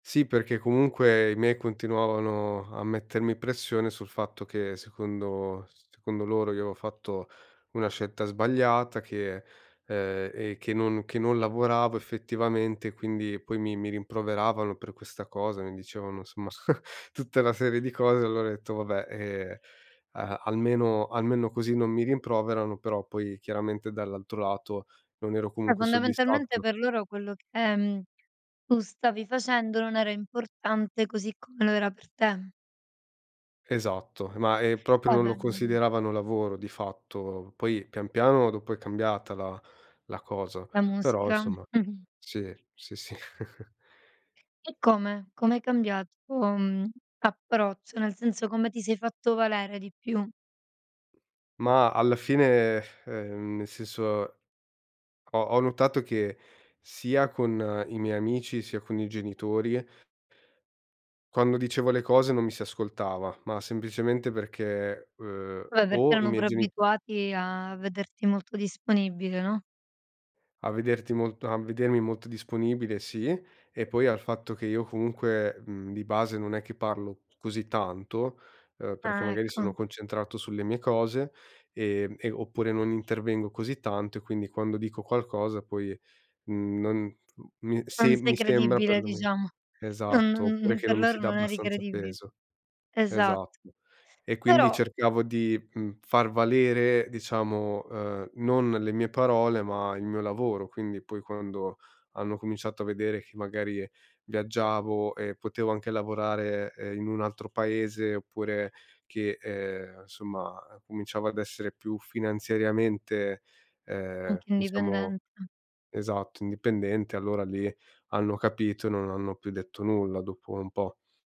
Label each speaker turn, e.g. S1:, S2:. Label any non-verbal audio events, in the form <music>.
S1: Sì, perché, comunque, i miei continuavano a mettermi pressione sul fatto che, secondo secondo loro, io avevo fatto una scelta sbagliata che, uhm, e che non che non lavoravo effettivamente. Quindi, poi, mi mi rimproveravano per questa cosa, mi dicevano, insomma, <giggles> tutta una serie di cose. Allora ho detto: "Vabbè, eh, a almeno almeno così non mi rimproverano", però, poi, chiaramente, dall'altro lato, non ero
S2: Eh,
S1: comunque
S2: fondamentalmente
S1: soddisfatto.
S2: per loro quello che, tu stavi facendo, non era importante così come lo era per te.
S1: Esatto, ma è proprio non lo
S2: Vabbè <unintelligible>
S1: consideravano lavoro di fatto. Poi, pian piano, dopo è cambiata la la cosa,
S2: La
S1: però
S2: musica.
S1: insomma
S2: Mh-mh.
S1: sì, sì, sì. <giggles>
S2: E come? Come hai cambiato approccio? Nel senso, come ti sei fatto valere di più?
S1: Ma alla fine, ehm, nel senso ho ho notato che, sia con i miei amici, sia con i genitori quando dicevo le cose non mi si ascoltava, ma semplicemente perché, ehm,
S2: Pure perché
S1: o i
S2: erano
S1: miei
S2: pure
S1: geni
S2: abituati a vederti molto disponibile, no?
S1: a vederti molt a vedermi molto disponibile, sì. E poi al fatto che io, comunque, mhmm, di base non è che parlo così tanto, ehm, perché,
S2: Ah,
S1: magari,
S2: ecco.
S1: sono concentrato sulle mie cose ehm e, oppure, non intervengo così tanto. E quindi, quando dico qualcosa poi, uhm non uhm,
S2: Non
S1: se
S2: sei
S1: mi sembra,
S2: credibile,
S1: perlome
S2: diciamo. Non non
S1: esatto, oppure
S2: <giggles>
S1: che
S2: per
S1: non mi si
S2: loro
S1: dà
S2: non eri
S1: abbastanza
S2: credibile.
S1: peso.
S2: Esatto.
S1: Esatto. E quindi
S2: Però
S1: cercavo di, mhmm, far valere, diciamo, ehm, non le mie parole, ma il mio lavoro. Quindi, poi, quando hanno cominciato a vedere che, magari, viaggiavo e potevo anche lavorare, eh, in un altro paese oppure che, ehm, insomma, cominciavo ad essere più finanziariamente, ehm,
S2: Anche
S1: diciamo,
S2: indipendente.
S1: esatto, indipendente, allora lì hanno capito. Non hanno più detto nulla dopo un po'.